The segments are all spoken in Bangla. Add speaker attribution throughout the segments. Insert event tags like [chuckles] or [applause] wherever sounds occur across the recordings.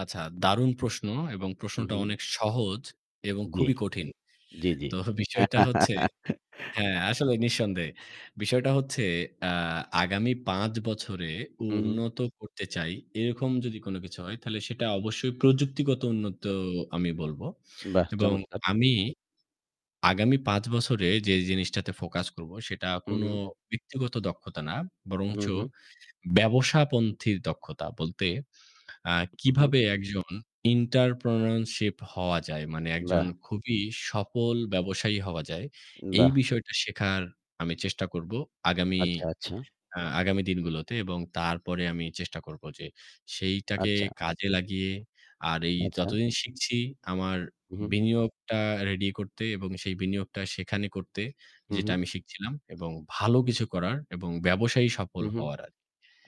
Speaker 1: আচ্ছা, দারুন প্রশ্ন। এবং
Speaker 2: হু,
Speaker 1: প্রশ্নটা
Speaker 2: হু।
Speaker 1: অনেক সহজ এবং
Speaker 2: জি।
Speaker 1: খুবই কঠিন।
Speaker 2: জি, জি।
Speaker 1: তো বিষয়টা হচ্ছে
Speaker 2: [laughs]
Speaker 1: হ্যাঁ, আসলে নিঃসন্দেহে। বিষয়টা হচ্ছে, আ আগামী ৫ বছরে
Speaker 2: হু, হু।
Speaker 1: উন্নত করতে চাই, এরকম যদি কোনো কিছু হয় তাহলে সেটা অবশ্যই প্রযুক্তিগত উন্নত আমি বলবো
Speaker 2: বাহ!
Speaker 1: এবং
Speaker 2: চমৎকার!
Speaker 1: আমি আগামী ৫ বছরে যে জিনিসটাতে focus করবো সেটা
Speaker 2: হু,
Speaker 1: কোনো
Speaker 2: হু।
Speaker 1: ব্যক্তিগত দক্ষতা না।
Speaker 2: হু,
Speaker 1: বরঞ্চ
Speaker 2: হু।
Speaker 1: ব্যবসাপন্থির দক্ষতা বলতে আ
Speaker 2: উহ হু।
Speaker 1: কিভাবে একজন entrepreneurship হওয়া যায়। মানে একজন
Speaker 2: বাহ!
Speaker 1: খুবই সফল ব্যবসায়ী হওয়া যায়। এই
Speaker 2: বাহ!
Speaker 1: বিষয়টা শেখার আমি চেষ্টা করবো আগামী
Speaker 2: আচ্ছা, আচ্ছা।
Speaker 1: অ্যা আগামী দিনগুলোতে এবং তারপরে আমি চেষ্টা করবো যে সেইটাকে
Speaker 2: আচ্ছা।
Speaker 1: কাজে লাগিয়ে আর এই
Speaker 2: আচ্ছা।
Speaker 1: যতদিন শিখছি আমার
Speaker 2: উহুম।
Speaker 1: বিনিয়োগটা ready করতে। এবং সেই বিনিয়োগটা সেখানে করতে
Speaker 2: হু,
Speaker 1: যেটা
Speaker 2: হু।
Speaker 1: আমি শিখছিলাম এবং ভালো কিছু করার এবং ব্যবসায়ী সফল
Speaker 2: হু, হু।
Speaker 1: হওয়ার আগে।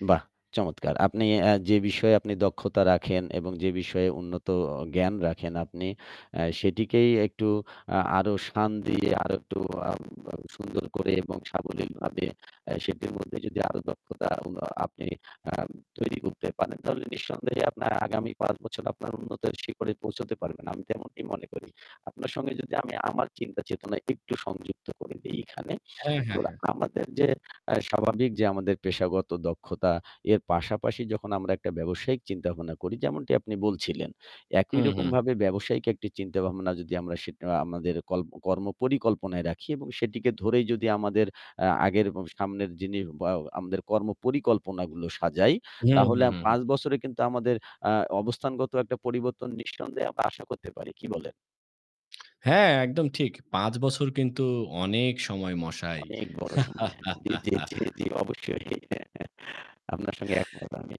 Speaker 2: বাহ! চমৎকার! আপনি আ যে বিষয়ে আপনি দক্ষতা রাখেন এবং যে বিষয়ে উন্নত অ জ্ঞান রাখেন আপনি আ সেটিকেই একটু আ আরো সান দিয়ে, আরো একটু আব আ সুন্দর করে এবং সাবলীলভাবে আ সেটির মধ্যে যদি আরো দক্ষতা উন আপনি আ তৈরি করতে পারেন, তাহলে নিঃসন্দেহে আপনার আগামী ৫ বছর আপনার উন্নতির শিখরে পৌঁছাতে পারবেন, আমি তেমনটি মনে করি। আপনার সঙ্গে যদি আমি আমার চিন্তা চেতনা একটু সংযুক্ত করে দেই এখানে,
Speaker 1: হ্যাঁ,
Speaker 2: তো
Speaker 1: হ্যাঁ, হ্যাঁ।
Speaker 2: আমাদের যে আ স্বাভাবিক যে আমাদের পেশাগত দক্ষতা, এর পাশাপাশি যখন আমরা একটা ব্যবসায়িক চিন্তাভাবনা করি, যেমনটি আপনি বলছিলেন,
Speaker 1: হুম, হুম।
Speaker 2: একইরকমভাবে ব্যবসায়িক একটি চিন্তাভাবনা যদি আমরা সেটা আমাদের কল্প কর্ম পরিকল্পনায় রাখি এবং সেটিকে ধরেই যদি আমাদের অ্যা আগের এবং সামনের যিনি বাও আমাদের কর্ম পরিকল্পনাগুলো সাজাই
Speaker 1: হুম,
Speaker 2: তাহলে
Speaker 1: হুম, হুম, হুম।
Speaker 2: ৫ বছরে কিন্তু আমাদের আ অবস্থানগত একটা পরিবর্তন নিঃসন্দেহে আমরা আশা করতে পারি। কি বলেন?
Speaker 1: হ্যাঁ, একদম ঠিক। ৫ বছর কিন্তু অনেক সময় মশাই।
Speaker 2: অনেক বড় সময় [unintelligible] জি, জি, জি,
Speaker 1: [laughs]
Speaker 2: জি। অবশ্যই। [chuckles] আপনার সঙ্গে একমত আমি।